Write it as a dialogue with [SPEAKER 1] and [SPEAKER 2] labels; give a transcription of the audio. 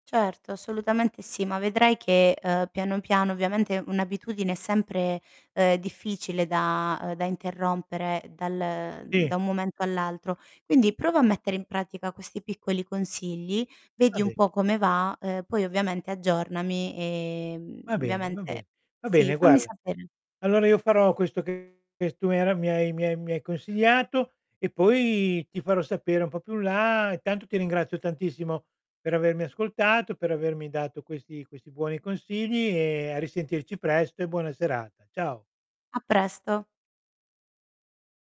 [SPEAKER 1] Certo, assolutamente sì, ma vedrai che, uhm, piano, piano ovviamente un'abitudine è sempre, uhm, difficile da uhm, da interrompere, dal mhmm,
[SPEAKER 2] Sì.
[SPEAKER 1] da un momento all'altro. Quindi prova a mettere in pratica questi piccoli consigli,
[SPEAKER 2] Va
[SPEAKER 1] vedi un
[SPEAKER 2] bene.
[SPEAKER 1] po' come va, uhm, poi ovviamente aggiornami, e mhmm,
[SPEAKER 2] Va bene, va
[SPEAKER 1] ovviamente
[SPEAKER 2] be va
[SPEAKER 1] sì,
[SPEAKER 2] bene,
[SPEAKER 1] fammi
[SPEAKER 2] guarda.
[SPEAKER 1] sapere.
[SPEAKER 2] Allora io farò questo che che s tu era mi hai ra mi hai mi hai mi hai consigliato e poi ti farò sapere un po' più in là. Intanto ti ringrazio tantissimo per avermi ascoltato, per avermi dato questi questi buoni consigli e a risentirci presto, e buona serata. Ciao.
[SPEAKER 1] A presto!